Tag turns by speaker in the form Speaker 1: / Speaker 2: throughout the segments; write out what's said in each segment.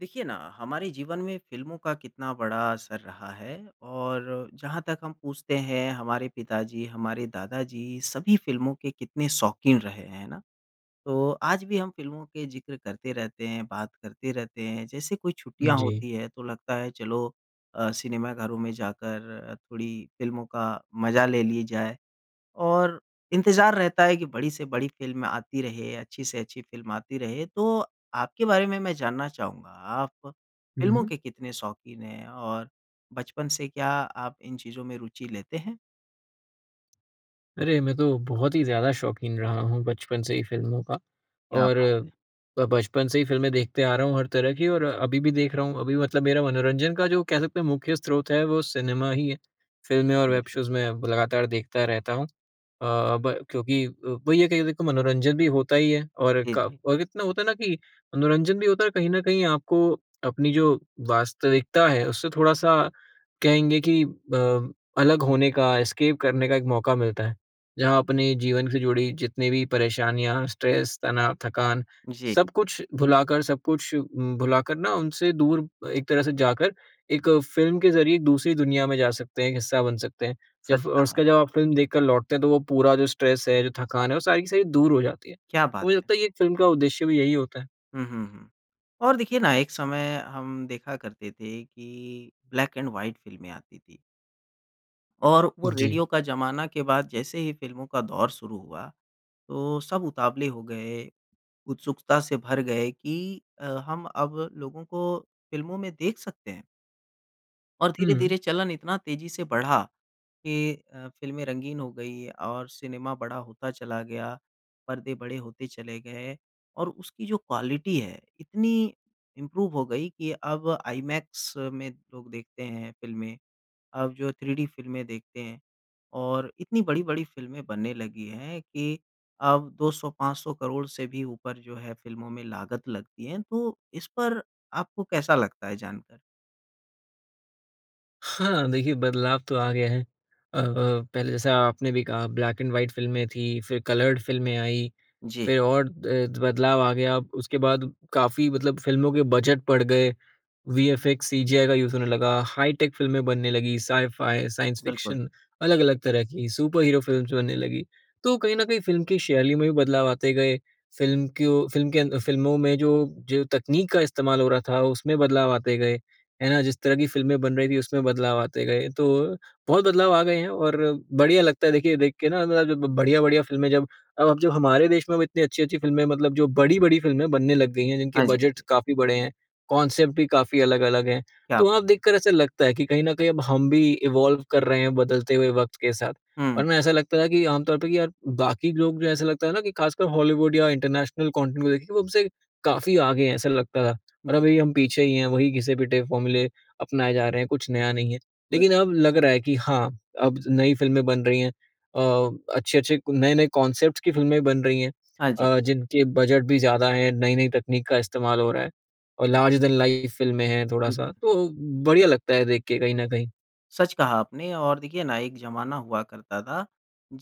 Speaker 1: देखिए ना, हमारे जीवन में फ़िल्मों का कितना बड़ा असर रहा है। और जहाँ तक हम पूछते हैं, हमारे पिता जी, हमारे दादा जी, सभी फ़िल्मों के कितने शौक़ीन रहे, हैं ना। तो आज भी हम फ़िल्मों के ज़िक्र करते रहते हैं, बात करते रहते हैं, जैसे कोई छुट्टियाँ
Speaker 2: जी।
Speaker 1: होती हैं, तो लगता है चलो अ, सिनेमाघरों में जाकर थोड़ी फ़िल्मों का मज़ा ले लिए जाए। और इंतज़ार रहता है कि बड़ी से बड़ी फ़िल्म आती रहे, अच्छी से अच्छी फ़िल्म आती रहे। तो आपके बारे में मैं जानना चाहूँगा, आप
Speaker 2: हुँ,
Speaker 1: फ़िल्मों
Speaker 2: हुँ।
Speaker 1: के कितने शौक़ीन हैं, और बचपन से क्या आप इन चीज़ों में रुचि लेते हैं?
Speaker 2: अरे! मैं तो बहुत ही ज़्यादा शौक़ीन रहा हूँ बचपन से ही फ़िल्मों का।
Speaker 1: क्या
Speaker 2: और,
Speaker 1: बात है!
Speaker 2: ब बचपन से ही फ़िल्में देखते आ रहा हूँ हर तरह की, और अभी भी देख रहा हूँ। अभी मतलब मेरा मनोरंजन का जो कह सकते हैं मुख्य स्रोत है, वो सिनेमा ही, फ़िल्में और वेब
Speaker 1: [unintelligible]
Speaker 2: शोज़ मैं लगातार देखता रहता हूँ। अ अब क्योंकि वही है कि देखो मनोरंजन भी होता ही है, और
Speaker 1: जी, जी।
Speaker 2: क इतना होता है ना कि मनोरंजन भी होता है, और कहीं न कहीं आपको अपनी जो वास्तविकता है, उससे थोड़ा-सा कहेंगे कि अ, अलग होने का, एस्केप करने का एक मौका मिलता है। जहाँ अपने जीवन से जुड़ी जितनी भी परेशानियाँ, स्ट्रेस, तनाव, थकान,
Speaker 1: जी।
Speaker 2: सब कुछ भुलाकर, सब कुछ भुलाकर ना, उनसे दूर एक तरह से जाकर, एक फ़िल्म के ज़रिए एक दूसरी दुनिया में जा सकते हैं, एक हिस्सा बन सकते हैं। जब
Speaker 1: सच कहा।
Speaker 2: उसका बाद जब आप फ़िल्म देखकर लौटते हैं, तो वो पूरा जो स्ट्रेस, है, जो थकान है, वो सारी की सारी दूर हो जाती है।
Speaker 1: क्या
Speaker 2: तो
Speaker 1: बात
Speaker 2: मुझे
Speaker 1: है!
Speaker 2: लगता है एक फ़िल्म का उद्देश्य भी यही होता है।
Speaker 1: हुँ, हुँ, हुँ। और देखिए ना एक समय हम देखा करते थे कि ब्लैक एंड व्हाइट फ़िल्में आती थी। और वो
Speaker 2: जी।
Speaker 1: रेडियो का ज़माना के बाद जैसे ही फ़िल्मों का दौर शुरू हुआ तो सब उतावले हो गए, उत्सुकता से भर गए कि अ, हम अब लोगों को फ़िल्मों में देख सकते हैं। और
Speaker 2: हुँ।
Speaker 1: धीरे-धीरे चलन इतना तेज़ी से बढ़ा कि अ, फ़िल्में रंगीन हो गई और सिनेमा बड़ा होता चला गया, पर्दे बड़े होते चले गए और उसकी जो क्वालिटी है इतनी इम्प्रूव हो गई कि अब आईमैक्स में लोग देखते हैं फ़िल्में। अब जो थ्री-डी फ़िल्में देखते हैं और इतनी बड़ी-बड़ी फ़िल्में बनने लगी हैं कि अब 200-500 करोड़ से भी ऊपर जो है फ़िल्मों में लागत लगती है। तो इस पर आपको कैसा लगता है जानकर?
Speaker 2: हाँ, देखिए बदलाव तो आ गया है। अ, अ, पहले जैसा आपने भी कहा ब्लैक एंड व्हाइट फ़िल्में थी फ़िर कलर्ड फ़िल्में आई,
Speaker 1: जी।
Speaker 2: फ़िर और अ, बदलाव आ गया। उसके बाद काफ़ी मतलब फ़िल्मों के बजट पड़ गए वीएफएक्स, सीजीआई का यूज़ होने लगा, हाईटेक फ़िल्में बनने लगी साइ-फाई, साइंस
Speaker 1: बिल्कुल।
Speaker 2: फिक्शन। अलग-अलग तरह की सुपर हीरो फ़िल्म्स बनने लगी। तो कहीं न कहीं फ़िल्म की शैली में भी बदलाव आते गए, फ़िल्म क्यों फ़िल्म के अं फ़िल्मों में जो, जो तकनीक का इस्तेमाल हो रहा था उसमें बदलाव आते गए। है ना? जिस तरह की फ़िल्में बन रही थी, उसमें बदलाव आते गए। तो बहुत बदलाव आ गए हैं और बढ़िया लगता है देखिए देख के ना [unintelligible] बढ़िया-बढ़िया फ़िल्में जब अब अब जो हमारे देश में वो इतनी अच्छी-अच्छी फ़िल्में मतलब जो बड़ी-बड़ी फ़िल्में बनने लग गई हैं, जिनके
Speaker 1: हाँ, जी। हाँ,
Speaker 2: बजट
Speaker 1: जी।
Speaker 2: काफ़ी बड़े हैं। कॉनसेप्ट भी काफ़ी अलग-अलग हैं।
Speaker 1: क्या
Speaker 2: तो
Speaker 1: बात।
Speaker 2: वहाँ देखकर ऐसा लगता है कि कहीं न कहीं अब हम भी इवॉल्व कर रहे हैं बदलते हुए वक़्त के साथ।
Speaker 1: हुँ।
Speaker 2: वरना ऐसा लगता था कि आमतौर पे कि यार बाकी लोग जो ऐसा लगता है ना कि ख़ासकर हॉलीवुड या इंटरनेशनल कंटेंट को देखे वो उनसे काफ़ी आगे हैं, ऐसा लगता था और
Speaker 1: जी।
Speaker 2: अब हम पीछे ही हैं वही घिसे-पिटे फ़ॉर्मूले अपनाए जा रहे हैं कुछ नया नहीं है।
Speaker 1: बस।
Speaker 2: लेकिन अब लग रहा है कि हाँ, अब नई फ़िल्में बन रही हैं अ, अच्छे-अच्छे क नए-नए कॉनसेप्ट्स की फ़िल्में बन रही हैं।
Speaker 1: हाँ, जी।
Speaker 2: अ, जिनके बजट भी ज़्यादा हैं, नई-नई तकनीक का इस्तेमाल हो रहा है। और लर्जर देन लाइफ़ फ़िल्में हैं थोड़ा-सा।
Speaker 1: बिल्कुल।
Speaker 2: तो बढ़िया लगता है देख के कहीं न कहीं।
Speaker 1: सच कहा आपने और देखिए ना, एक ज़माना हुआ करता था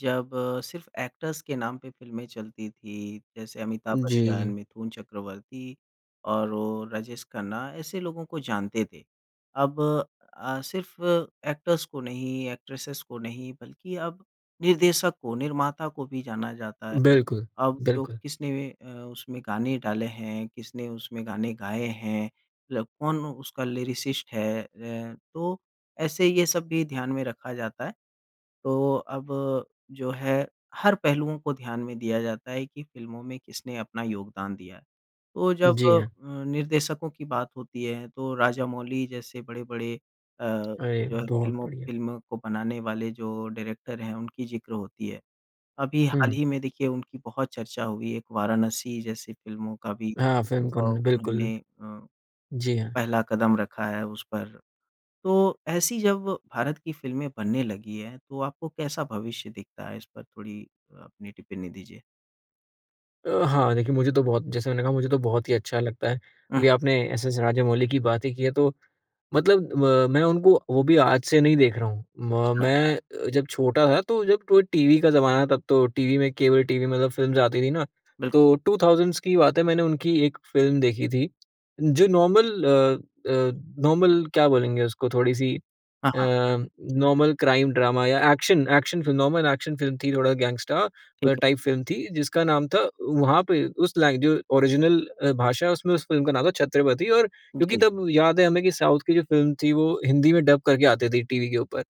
Speaker 1: जब सिर्फ़ एक्टर्स के नाम पे फ़िल्में चलती थीं। जैसे अमिताभ बच्चन,
Speaker 2: जी।
Speaker 1: मिथुन चक्रवर्ती और वो राजेश खन्ना ऐसे लोगों को जानते थे। अब अ, सिर्फ़ एक्टर्स को नहीं, एक्ट्रेसेस को नहीं, बल्कि अब निर्देशक को निर्माता को भी जाना जाता है।
Speaker 2: बिल्कुल,
Speaker 1: अब जो
Speaker 2: बिल्कुल।
Speaker 1: किसने अ, उसमें गाने डाले हैं, किसने उसमें गाने गाए हैं, मतलब कौन उसका लिरिसिस्ट है है, तो ऐसे ये सब भी ध्यान में रखा जाता है। तो अब जो है हर पहलुओं को ध्यान में दिया जाता है कि फ़िल्मों में किसने अपना योगदान दिया। तो जब
Speaker 2: जी,
Speaker 1: अ,
Speaker 2: हाँ।
Speaker 1: निर्देशकों की बात होती है, तो राजामौली जैसे बड़े-बड़े अ,
Speaker 2: अरे!
Speaker 1: जो है
Speaker 2: बहुत
Speaker 1: फिल्मों
Speaker 2: बढ़िया।
Speaker 1: फ़िल्मों को बनाने वाले जो डायरेक्टर हैं, उनकी ज़िक्र होती है। अभी हाल
Speaker 2: हुँ।
Speaker 1: ही में देखिए उनकी बहुत चर्चा हुई है। एक वाराणसी जैसी फिल्मों का भी
Speaker 2: हाँ,
Speaker 1: अ,
Speaker 2: [unintelligible] बिल्कुल।
Speaker 1: उन्होंने अ,
Speaker 2: जी, हाँ।
Speaker 1: पहला कदम रखा है उस पर। तो ऐसी जब भारत की फिल्में बनने लगी है, तो आपको कैसा भविष्य दिखता है? इस पर थोड़ी अ, अपनी टिप्पणी दीजिए।
Speaker 2: अ, हाँ देखिए मुझे तो बहुत जैसे मैंने कहा मुझे तो बहुत ही अच्छा लगता है।
Speaker 1: हुँ।
Speaker 2: अभी आपने एस. एस. राजामौली की बात ही की है तो मतलब म मैं उनको वो भी आज से नहीं देख रहा हूँ। म
Speaker 1: अच्छा।
Speaker 2: मैं अ, जब छोटा था तो जब टव् टीवी का ज़माना है तब तो टीवी में केबल टीवी मतलब फ़िल्म्स आती थी ना।
Speaker 1: बिल्कु
Speaker 2: तो 2000's की बात है मैंने उनकी एक फ़िल्म देखी थी जो नॉर्मल अ, अ, नॉर्मल क्या बोलेंगे उसको? थोड़ी-सी
Speaker 1: हाँ,
Speaker 2: अ,
Speaker 1: हाँ।
Speaker 2: नॉर्मल क्राइम ड्रामा या action action film normal action film थी थोड़ा गैंगस्टर
Speaker 1: ठीक है।
Speaker 2: टाइप फ़िल्म थी, जिसका नाम था वहाँ पे उस लाइ जो ओरिज़िनल अ, भाषा है उसमें उस फ़िल्म का नाम था छत्रपति और क्योंकि
Speaker 1: जी।
Speaker 2: तब याद है हमें की साउथ की जो फ़िल्म थी वो हिंदी में डब करके आती थी टीवी के ऊपर।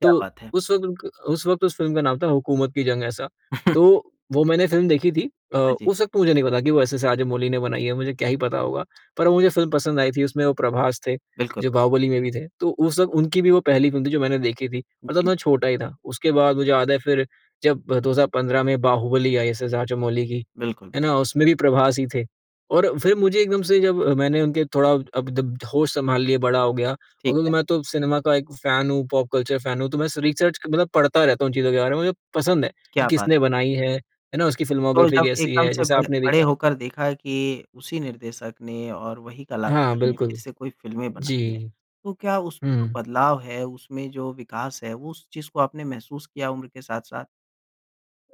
Speaker 1: क्या
Speaker 2: तो
Speaker 1: बात है।
Speaker 2: उस वक़्त क उस वक़्त उस फ़िल्म का नाम था हुकूमत की जंग ऐसा। तो वो मैंने फ़िल्म देखी थी। अ,
Speaker 1: हाँ, जी।
Speaker 2: उस वक़्त मुझे नहीं पता कि वो एस. एस. राजामौली ने बनाई है, मुझे क्या ही पता होगा? पर मुझे फ़िल्म पसंद आई थी उसमें वो प्रभास थे
Speaker 1: बिल्कुल।
Speaker 2: जो बाहुबली में भी थे। तो उस वक़्त उनकी भी वो पहली फ़िल्म थी जो मैंने देखी थी। और तब
Speaker 1: जी।
Speaker 2: मैं छोटा ही था। उसके बाद मुझे याद है फिर जब 2015 में बाहुबली आई एस. एस. राजामौली की।
Speaker 1: बिल्कुल, बिल्
Speaker 2: है ना? उसमें भी प्रभास ही थे और फिर मुझे एकदम से जब मैंने उनके थोड़ा अब जब होश संभाल लिए, बड़ा हो गया और
Speaker 1: ठीक है।
Speaker 2: क्योंकि मैं तो सिनेमा का एक फैन हूँ पॉप कल्चर फैन हूँ तो मैं सु रिसर्च मतलब पढ़ता रहता हूँ चीज़ों के बारे में, मुझे पसंद है
Speaker 1: क्या
Speaker 2: कि
Speaker 1: बात।
Speaker 2: किसने बनाई है, है ना? उसकी
Speaker 1: तो
Speaker 2: फ़िल्मोग्राफ़ी
Speaker 1: जब
Speaker 2: कैसी
Speaker 1: एकदम
Speaker 2: है,
Speaker 1: से
Speaker 2: जैसे
Speaker 1: बड़े
Speaker 2: आपने
Speaker 1: बड़े
Speaker 2: देखा।
Speaker 1: होकर देखा कि उसी निर्देशक ने और वही
Speaker 2: हाँ,
Speaker 1: कलाकार ने फिर
Speaker 2: बिल्कुल।
Speaker 1: से कोई फ़िल्में बनाई हैं,
Speaker 2: जी।
Speaker 1: तो क्या उसमें जो
Speaker 2: हुँ।
Speaker 1: बदलाव है उसमें जो विकास है वो उस चीज़ को आपने महसूस किया उम्र के साथ-साथ?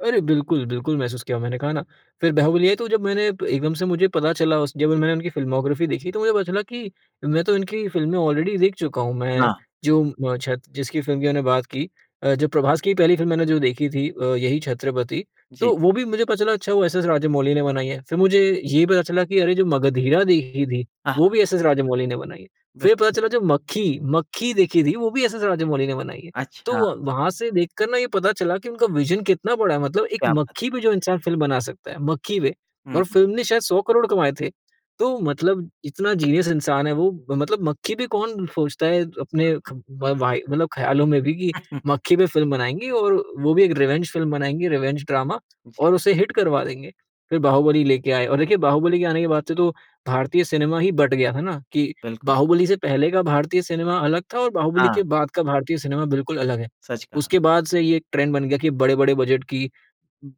Speaker 2: अरे बिल्कुल-बिल्कुल महसूस किया। मैंने कहा ना, फिर बाहुबली आई, तो जब मैंने एकदम से मुझे पता चला, उसके मैंने उनकी फ़िल्मोग्राफ़ी देखी, तो मुझे पता चला कि मैं तो इनकी फ़िल्में ऑलरेडी देख चुका हूँ। मैं
Speaker 1: ना।
Speaker 2: जो अ, छत जिसकी फिल्म की मैंने बात की अ, जब प्रभास की पहली फिल्म मैंने जो देखी थी अ, यही छत्रपति,
Speaker 1: जी।
Speaker 2: तो वो भी मुझे पता चला अच्छा वो एस.एस. राजमौली ने बनाई है। फिर मुझे ये पता चला कि अरे जो मगधीरा देखी थी,
Speaker 1: अ,
Speaker 2: वो
Speaker 1: हाँ।
Speaker 2: भी एस.एस. राजमौली ने बनाई है। फिर पता
Speaker 1: बिल्कुल।
Speaker 2: चला जो मक्खी, मक्खी देखी थी, वो भी एस.एस. राजमौली ने बनाई है।
Speaker 1: अच्छा।
Speaker 2: तो वहाँ से देख कर ना ये पता चला कि उनका विजन कितना बड़ा है। मतलब एक
Speaker 1: क्या बात!
Speaker 2: मक्खी पे जो इंसान फ़िल्म बना सकता है। मक्खी पे
Speaker 1: हुँ,
Speaker 2: और
Speaker 1: हुँ।
Speaker 2: फ़िल्म ने शायद 100 करोड़ कमाए थे। तो मतलब इतना जीनियस इंसान है वो, मतलब मक्खी पे कौन सोचता है अपने ख,
Speaker 1: बिल्कुल।
Speaker 2: व वाई मतलब ख्यालों में भी की मक्खी पे फ़िल्म बनाएँगे। और वो भी एक रिवेंज फ़िल्म बनाएँगे। रिवेंज ड्रामा और
Speaker 1: जी।
Speaker 2: उसे हिट करवा देंगे। फिर बाहुबली लेके आए और देखिए बाहुबली के आने के बाद से तो भारतीय सिनेमा ही बट गया है ना कि
Speaker 1: बिल्कुल।
Speaker 2: बाहुबली से पहले का भारतीय सिनेमा अलग था, और बाहुबली
Speaker 1: हाँ।
Speaker 2: के बाद का भारतीय सिनेमा बिल्कुल अलग है।
Speaker 1: सच कहा।
Speaker 2: उसके बाद से ये ट्रेंड बन गया कि बड़े-बड़े बजट की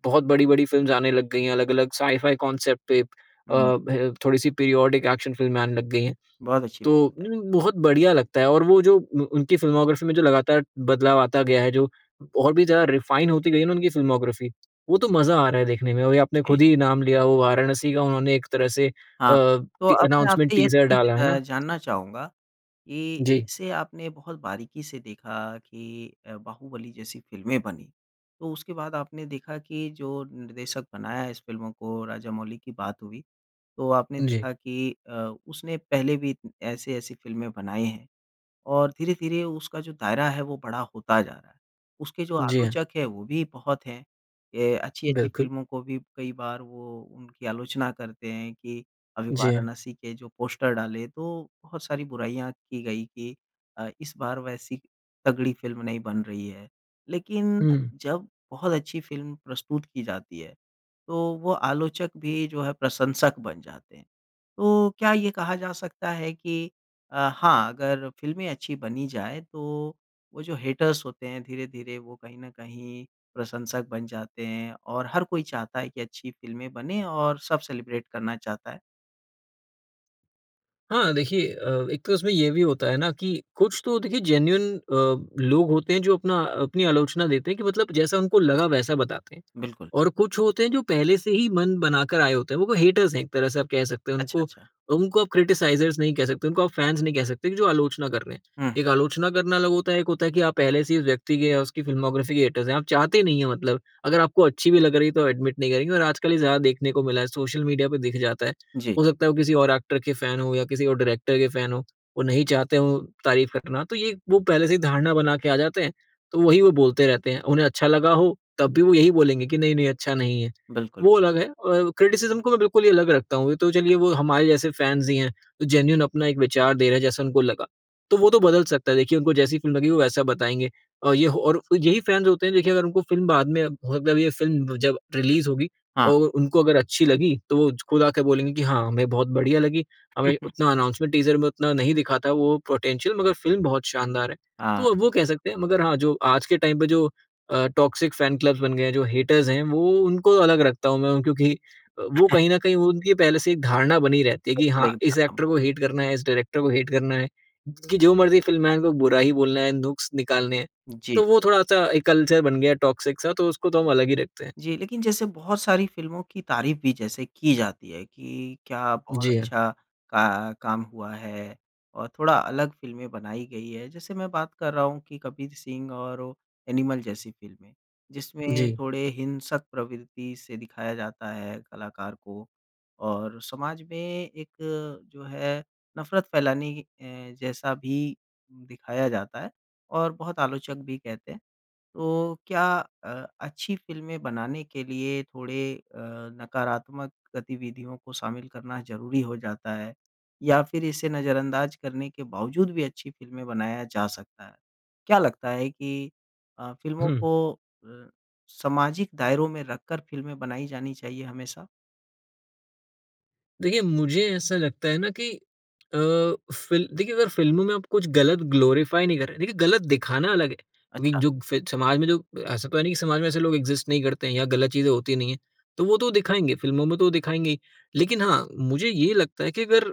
Speaker 2: बहुत बड़-बड़ी फ़िल्म्स आने लग गई हैं। अलग-अलग साइ-फाई कांसेप्ट पे अ,
Speaker 1: हुँ।
Speaker 2: ब, थोड़ी-सी पीरियोडिक एक्शन फ़िल्में आने लग गई हैं।
Speaker 1: बहुत अच्छी बात
Speaker 2: तो
Speaker 1: बताई।
Speaker 2: उ, बहुत बढ़िया लगता है। और वो जो उ उनकी फ़िल्मोग्राफ़ी में जो लगातार बदलाव आता गया है, जो और भी ज्यादा रिफाइन होती गयी है ना उनकी फ़िल्मोग्राफ़ी। वो तो मज़ा आ रहा है देखने में। या आपने
Speaker 1: जी।
Speaker 2: खुद ही नाम लिया, वो वाराणसी का उन्होंने एक तरह से अ,
Speaker 1: हाँ। तो अब मैं
Speaker 2: अनाउंसमेंट
Speaker 1: आपसे ये
Speaker 2: टीजर डाला।
Speaker 1: चीज़
Speaker 2: है
Speaker 1: अ,
Speaker 2: ना?
Speaker 1: जानना चाहूँगा कि
Speaker 2: जी।
Speaker 1: इसे आपने बहुत बारीकी से देखा कि अ, बाहुबली जैसी फ़िल्में बनी। तो उसके बाद आपने देखा कि जो निर्देशक बनाया इस फ़िल्मों को, राजमौली की बात हुई। तो आपने
Speaker 2: जी।
Speaker 1: देखा कि अ, उसने पहले भी ऐसी-ऐसी फ़िल्में बनाई हैं और धीरे-धीरे उसका जो दायरा है, वो बड़ा होता जा रहा। उसके जो
Speaker 2: जी, हाँ।
Speaker 1: आलोचक हैं, वो भी बहुत हैं। ये अच्छी-अच्छी
Speaker 2: बिल्कुल।
Speaker 1: फिल्मों को भी कई बार वो उनकी आलोचना करते हैं कि अभी
Speaker 2: जी, हाँ।
Speaker 1: वाराणसी के जो पोस्टर डाले, तो बहुत सारी बुराइयाँ की गई कि अ, इस बार वैसी तगड़ी फ़िल्म नहीं बन रही है। लेकिन
Speaker 2: हुँ।
Speaker 1: जब बहुत अच्छी फ़िल्म प्रस्तुत की जाती है, तो वो आलोचक भी जो है प्रशंसक बन जाते हैं। तो क्या ये कहा जा सकता है कि हाँ, अगर फ़िल्में अच्छी बनी जाए, तो वो जो हेटर्स होते हैं धीरे-धीरे वो कहीं ना कहीं प्रशंसक बन जाते हैं, और हर कोई चाहता है कि अच्छी फिल्में बने और सब सेलिब्रेट करना चाहता है।
Speaker 2: हाँ। देखिए अ, एक तो उसमें ये भी होता है ना, कि कुछ तो देखिए जेन्युइन अ, लोग होते हैं जो अपना अपनी आलोचना देते हैं कि मतलब जैसा उनको लगा वैसा बताते हैं
Speaker 1: बिल्कुल।
Speaker 2: और कुछ होते हैं जो पहले से ही मन बना कर आए होते हैं वो हेटर्स हैं एक तरह से आप कह सकते हैं
Speaker 1: अच्छा,
Speaker 2: उनको
Speaker 1: अच्छा।
Speaker 2: उनको आप क्रिटिसाइज़र्स नहीं कह सकते, उनको आप फैंस नहीं कह सकते जो आलोचना कर रहे हैं।
Speaker 1: हुँ।
Speaker 2: एक आलोचना करना अलग होता है एक होता है कि आप पहले से ही उस व्यक्ति के या उसकी फ़िल्मोग्राफ़ी के हेटर्स आप चाहते नहीं हैं मतलब अगर आपको अच्छी भी लग रही है तो एडमिट नहीं करेंगे और आजकल ये ज़्यादा देखने को मिला है सोशल मीडिया पे दिख जाता है।
Speaker 1: जी।
Speaker 2: हो सकता है वो किसी और एक्टर के फैन हो या किसी और डायरेक्टर के फैन हो। वो नहीं चाहते हो तारीफ करना तो ये वो पहले से ही धारणा बना के आ जाते हैं तो वही वो बोलते रहते हैं। उन्हें अच्छा लगा हो तब भी वो यही बोलेंगे कि नहीं-नहीं अच्छा नहीं है।
Speaker 1: बिल्कुल।
Speaker 2: वो अलग है और क्रिटिसिज़्म को मैं बिल्कुल ही अलग रखता हूँ। वो तो चलिए वो हमारे जैसे फैंस ही हैं जो जेन्युइन अपना एक विचार दे रहे हैं जैसा उनको लगा। तो वो तो बदल सकता है देखिए उनको जैसी फ़िल्म लगी वो वैसा बताएँगे। और ये हो और यही फैंस होते हैं देखिए अगर उनको फ़िल्म बाद मे मतलब ये फ़िल्म जब रिलीज़ होगी
Speaker 1: हाँ।
Speaker 2: और उनको अगर अच्छी लगी तो वो खुद आके बोलेंगे कि हाँ हमें बहुत बढ़िया लगी हमें उतना अनाउंसमेंट टीज़र में उतना नहीं दिखा था वो पोटेंशियल मगर फ़िल्म बहुत शानदार है।
Speaker 1: हाँ।
Speaker 2: तो अब वो कह सकते हैं मगर हाँ जो आज के टाइम पे जो अ, टॉक्सिक फैन क्लब्स बन गए हैं जो हेटर्स हैं वो उनको अलग रखता हूँ मैं क्योंकि वो कहीं न कहीं उनकी पहले से एक धारणा बनी रहती है कि हाँ,
Speaker 1: नहीं
Speaker 2: इस
Speaker 1: ख़त्म।
Speaker 2: एक्टर को हेट करना है, इस डायरेक्टर को हेट करना है कि जो मर्ज़ी फ़िल्में आएँ उन को बुरा ही बोलना है नुक्स निकालने हैं
Speaker 1: जी।
Speaker 2: तो वो थोड़ा-सा एक कल्चर बन गया टॉक्सिक सा तो उसको तो हम अलग ही रखते हैं।
Speaker 1: जी। लेकिन जैसे बहुत सारी फ़िल्मों की तारीफ़ भी जैसे की जाती है कि क्या बहुत
Speaker 2: जी, हाँ।
Speaker 1: अच्छा क काम हुआ है और थोड़ा अलग फ़िल्मे बनाई गई है जैसे मैं बात कर रहा हूँ कि कबीर सिंह और एनिमल जैसी फ़िल्में जिसमें
Speaker 2: जी।
Speaker 1: थोड़े हिंसक प्रवृत्ति से दिखाया जाता है कलाकार को और समाज में एक जो है नफरत फ़ैलाने क, ए जैसा भी दिखाया जाता है और बहुत आलोचक भी कहते हैं तो क्या अ, अच्छी फ़िल्में बनाने के लिए थोड़े अ, नकारात्मक गतिविधियों को शामिल करना ज़रूरी हो जाता है या फिर इसे नजरअंदाज करने के बावज़ूद भी अच्छी फ़िल्मे बनाया जा सकता है। क्या लगता है कि अ, फ़िल्मों
Speaker 2: हुँ।
Speaker 1: को अ, सामाजिक दायरों में रखकर फ़िल्में बनाई जानी चाहिए हमेशा?
Speaker 2: देखिए, मुझे ऐसा लगता है ना कि अ, फ़िल देखिए अगर फ़िल्मों में आप कुछ गलत ग्लोरिफाई नहीं कर रहे देखिए गलत दिखाना अलग है। विग
Speaker 1: अच्छा।
Speaker 2: जो फ़े समाज में जो ऐसा तो है नहीं कि समाज में ऐसे लोग इग्ज़िस्ट नहीं करते हैं या गलत चीज़ें होती नहीं है। तो वो तो दिखाएँगे, फ़िल्मों में तो दिखाएँगे ही। लेकिन हाँ, मुझे ये लगता है कि अगर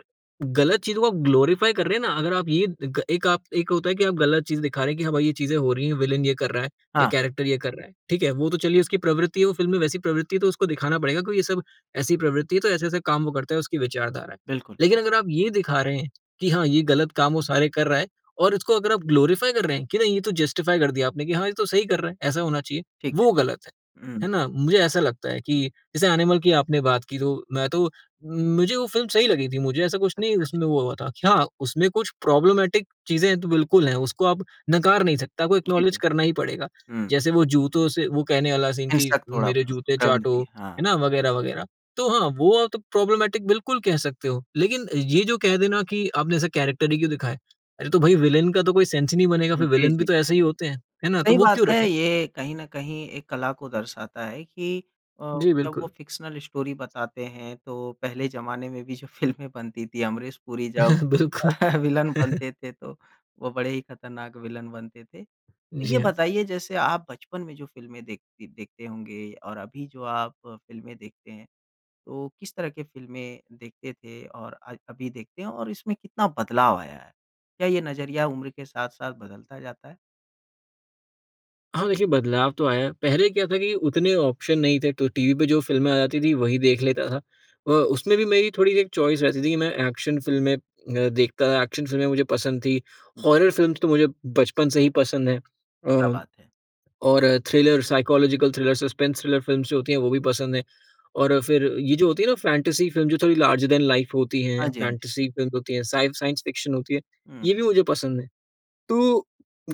Speaker 2: गलत चीज़ों को ग्लोरिफाई कर रहे हैं ना, अगर आप ये ग एक आप एक होता है कि आप गलत चीज़ दिखा रहे हैं कि हाँ भाई, ये चीज़ें हो रही है, विलन ये कर रहा है या
Speaker 1: हाँ।
Speaker 2: कैरेक्टर ये कर रहा है, ठीक है। वो तो चलिए उसकी प्रवृत्ति है, वो फ़िल्म में वैसी प्रवृत्ति है तो उसको दिखाना पड़ेगा क्योंकि ये सब ऐसी प्रवृत्ति है तो ऐसे-ऐसे काम वो करता है, उसकी विचारधारा है।
Speaker 1: बिल्कुल।
Speaker 2: लेकिन अगर आप ये दिखा रहे हैं कि हाँ, ये गलत काम वो सारे कर रहा है और उसको अगर आप ग्लोरिफाई कर रहे हैं, कि नहीं ये तो जस्टिफाई कर दिया आपने कि हाँ, ये तो सही कर रहा है, ऐसा होना चाहिए,
Speaker 1: ठीक
Speaker 2: वो गलत है।
Speaker 1: है। हुँ।
Speaker 2: है ना? मुझे ऐसा लगता है कि, जैसे एनिमल की आपने बात की, तो मैं तो मुझे वो फ़िल्म सही लगी थी, मुझे ऐसा कुछ
Speaker 1: अच्छा,
Speaker 2: नहीं
Speaker 1: अच्छा।
Speaker 2: उसमें वो हुआ था, कि हाँ, उसमें कुछ प्रोब्लेमेटिक चीज़ें तो बिल्कुल हैं, उसको आप नकार नहीं सकता, आपको
Speaker 1: जी,
Speaker 2: एक्नॉलेज
Speaker 1: जी।
Speaker 2: करना ही पड़ेगा।
Speaker 1: हुँ।
Speaker 2: जैसे वो जूतों से वो कहने वाला सीन कि,
Speaker 1: हिंसक थोड़ा
Speaker 2: "मेरे
Speaker 1: प
Speaker 2: जूते चाटो",
Speaker 1: प्रवृत्ति, हाँ।
Speaker 2: है ना, वग़ैरह वग़ैरह। तो हाँ, वो आप तो प्रोब्लेमेटिक बिल्कुल कह सकते हो। लेकिन ये जो कह देना कि, "आपने ऐसा कैरेक्टर ही क्यों दिखाया?" अरे तो भई विलेन का तो कोई सेंस ही नहीं बनेगा
Speaker 1: जी,
Speaker 2: फिर विलेन भी
Speaker 1: जी,
Speaker 2: तो
Speaker 1: जी।
Speaker 2: ऐसे ही होते है। है ना, तो
Speaker 1: सही
Speaker 2: वो
Speaker 1: बात
Speaker 2: क्यों
Speaker 1: है,
Speaker 2: रखें?
Speaker 1: ये कहीं न कहीं एक कला को दर्शाता है कि अ,
Speaker 2: जी
Speaker 1: जब वो
Speaker 2: बिल्कुल।
Speaker 1: फ़िक्शनल स्टोरी बताते हैं, तो पहले ज़माने में भी जो फ़िल्में बनती थी, अमरीश पुरी जब
Speaker 2: बिलकुल।
Speaker 1: विलन बनते थे तो, वो बड़े ही ख़तरनाक विलन बनते थे।
Speaker 2: जी
Speaker 1: ये
Speaker 2: हाँ।
Speaker 1: बताइए, जैसे आप बचपन में जो फ़िल्में देखती देखते होंगे और अभी जो आप फ़िल्में देखते हैं, तो किस तरह के फ़िल्में देखते थे, और आज अभी देखते हैं, और इसमें कितना बदलाव आया है? क्या ये नज़रिया उम्र के साथ-साथ बदलता जाता है?
Speaker 2: हाँ, देखिए बदलाव तो आया है। पहले क्या था कि उतने ऑप्शन नहीं थे, तो टीवी पे जो फ़िल्में आ जाती थीं वही देख लेता था। अ, उसमें भी मेरी थोड़ी-सी एक चॉइस रहती थी कि मैं एक्शन फ़िल्में मैं देखता था एक्शन फ़िल्में मुझे पसंद थी।
Speaker 1: जी।
Speaker 2: हॉरर फ़िल्म्स तो मुझे बचपन से ही पसंद है।
Speaker 1: क्या
Speaker 2: अ,
Speaker 1: बात है!
Speaker 2: और thriller, psychological thriller, suspense thriller films जो होती हैं, वो भी पसंद हैं। और फिर ये जो होती है ना फ़ैंटेसी फ़िल्म, जो थोड़ी लार्जर देन लाइफ़ होती है,
Speaker 1: हाँ जी, हाँ जी।
Speaker 2: फ़ैंटेसी फ़िल्म्स होती हैं, स साइंस फ़िक्शन होती है,
Speaker 1: हुँ।
Speaker 2: ये भी मुझे पसंद हैं। तो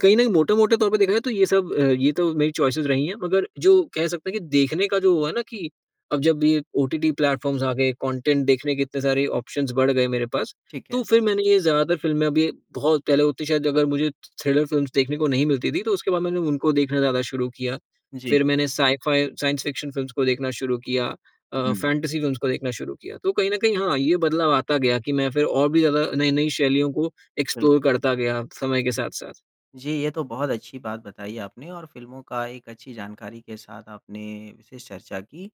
Speaker 2: कहीं ना मोटे-मोटे तौर पर देखा जाए, तो ये सब अ, ये तो मेरी चॉइस रही है। मगर जो कह सकते है कि देखने का जो हुआ है ना कि अब जब ये ओटीटी प्लेटफ़ॉर्म्स आ गए, कंटेंट देखने के इतने सारे ऑप्शंस बढ़ गए मेरे पास,
Speaker 1: ठीक है।
Speaker 2: तो फिर मैंने ये ज़्यादातर फ़िल्में अभी बहुत पहले होती है शायद अगर मुझे, थ्रि थ्रिलर फ़िल्म्स देखने को नहीं मिलती थी, तो उसके बाद मैंने उनको देखना ज़्यादा शुरू किया।
Speaker 1: जी।
Speaker 2: फिर मैंने साई-फाई, साइंस फ़िक्शन फ़िल्म्स को देखना शुरू किया, अ,
Speaker 1: हुँ।
Speaker 2: फ़ैंटेसी फ़िल्म्स को देखना शुरू किया, तो कहीं न कहीं हाँ ये बदलाव आता गया कि मैं फिर और भी ज़्यादा नई-नई शैलियों को
Speaker 1: बिल
Speaker 2: एक्सप्लोर करता गया समय के साथ-साथ।
Speaker 1: जी, ये तो बहुत अच्छी बात बताई आपने और फ़िल्मों की एक अच्छी जानकारी के साथ आपने विशेष चर्चा की।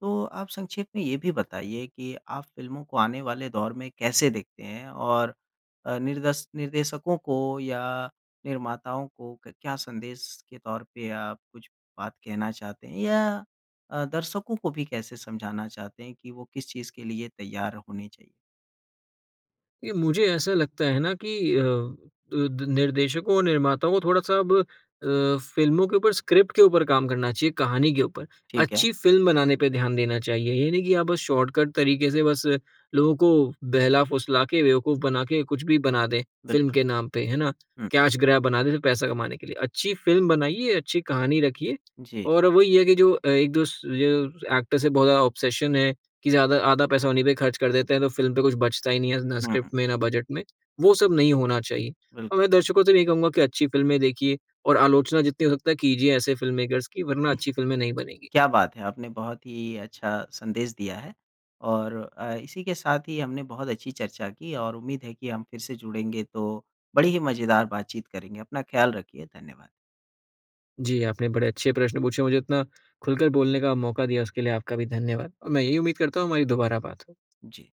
Speaker 1: तो आप संक्षेप में यह भी बताइए कि आप फ़िल्मों को आने वाले दौर में कैसे देखते हैं। और अ, निर्देश निर्देशकों को या निर्माताओं को क क्या संदेश के तौर पे आप कुछ बात कहना चाहते हैं, या अ, दर्शकों को भी कैसे समझाना चाहते हैं कि वो किस चीज़ के लिए तैयार होनी चाहिए?
Speaker 2: ये मुझे ऐसा लगता है ना कि, अ, द निर्देशकों और निर्माताओं को थोड़ा-सा अब अ, फ़िल्मों के ऊपर, स्क्रिप्ट के ऊपर काम करना चाहिए, कहानी के ऊपर।
Speaker 1: ठीक है।
Speaker 2: अच्छी फ़िल्म बनाने पे ध्यान देना चाहिए। ये नहीं कि आप बस शॉर्टकट तरीके से बस लोगों को बहला-फुसला के, बेवकूफ़ बना के, कुछ भी बना दें फ़िल्म
Speaker 1: बिल्कुल।
Speaker 2: के नाम पे, है ना।
Speaker 1: हुँ।
Speaker 2: कैश ग्रैब बना दें, तो पैसा कमाने के लिए अच्छी फ़िल्म बनाइए, अच्छी कहानी रखिए।
Speaker 1: जी।
Speaker 2: और वही है कि जो 1 -2 जो एक्टर से बहुत ज़्यादा ऑब्सेशन है, कि ज़्यादा आधा पैसा उन्हीं पे ख़र्च कर देते हैं, तो फ़िल्म पे कुछ बचता ही नहीं है ना,
Speaker 1: हुँ,
Speaker 2: स्क्रिप्ट
Speaker 1: हुँ।
Speaker 2: में, ना बजट में। वो सब नहीं होना चाहिए।
Speaker 1: बिल्कुल।
Speaker 2: और दर्शकों से यही कहूँगा कि अच्छी फ़िल्में देखिए और आलोचना जितनी हो सकता है, कीजिए ऐसे फ़िल्ममेकर्स की, वरना अच्छी फ़िल्में नहीं बनेंगी।
Speaker 1: क्या बात है। आपने बहुत ही अच्छा संदेश दिया है। और अ, इसी के साथ ही हमने बहुत अच्छी चर्चा की और उम्मीद है कि हम फिर से जुड़ेंगे तो, बड़े ही मज़ेदार बातचीत करेंगे। अपना ख़याल रखिए धन्यवाद।
Speaker 2: जी, आपने बड़े अच्छे प्रश्न पूछे मुझे उतना खुलकर बोलने का मौका दिया, उसके लिए आपका भी धन्यवाद। और मैं यही उम्मीद करता हूँ, हमारी दोबारा बात हो।
Speaker 1: जी।